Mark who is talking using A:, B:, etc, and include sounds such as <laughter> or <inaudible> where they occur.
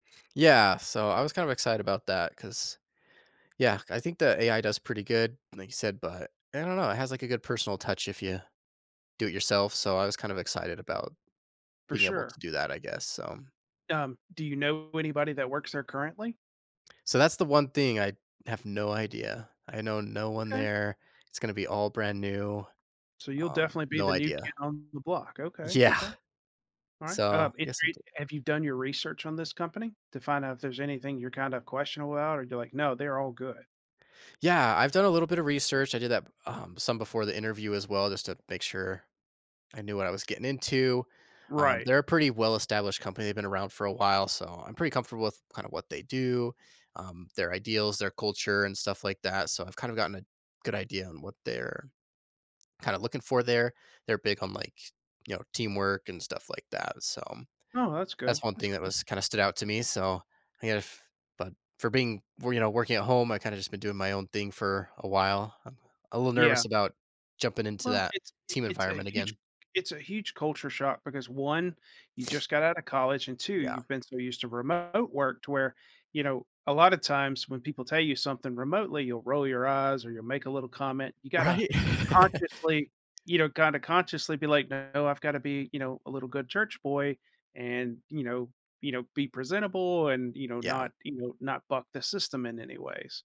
A: Yeah, so, I was kind of excited about that 'cause, yeah, I think the AI does pretty good, like you said, but I don't know. It has, like, a good personal touch if ya do it yourself. So, I was kind of excited about
B: For
A: being able
B: sure.
A: to do that, I guess. So
B: Um, do you know anybody that works there currently?
A: So, that's the one thing I have no idea. I know no one
B: Okay.
A: there, it's gonna be all brand new.
B: So, you'll
A: Um,
B: definitely be
A: no
B: the new
A: idea.
B: kid on the block. Okay,
A: Yeah.
B: okay. All right,
A: So,
B: um, if
A: yes, I'm
B: re
A: doing work
B: have you done your research on this company to find out if there's anything you're kinda questionable about, or do you like, "No, they're all good?"
A: Yeah, I've done a little bit of research. I did that, um, some before the interview as well just to make sure I knew what I was getting into. Um,
B: Right.
A: they're a pretty well established company, they've been around for a while, so, I'm pretty comfortable with kinda what they do, um, their ideals, their culture, and stuff like that so, I've kind of gotten a good idea on what they're kinda looking for there. They're big on, like, you know, teamwork and stuff like that, so,
B: Oh, that's good,
A: that's one
B: that's
A: thing that
B: good.
A: was kinda stood out to me. So, if but for being well, you know, working at home, I kinda just been doing my own thing for a while. I'm a little
B: Yeah.
A: nervous about jumping into
B: Well,
A: that
B: it's i
A: team
B: it's a
A: environment
B: huge
A: again.
B: it's a huge culture shock because, 1, you just
A: <sniffs>
B: got out of college and, 2,
A: Yeah.
B: you've been so used to remote work to where, you know, a lotta times when people tell you something remotely, you'll roll your eyes or you'll make a little comment. You gotta
A: Right?
B: consciously,
A: <chuckles>
B: you know, kinda consciously be like, "No, I've gotta be, you know, a little good church boy, and, you know, you know, be presentable and, you know,
A: Yeah.
B: not, you know, not buck the system in any ways."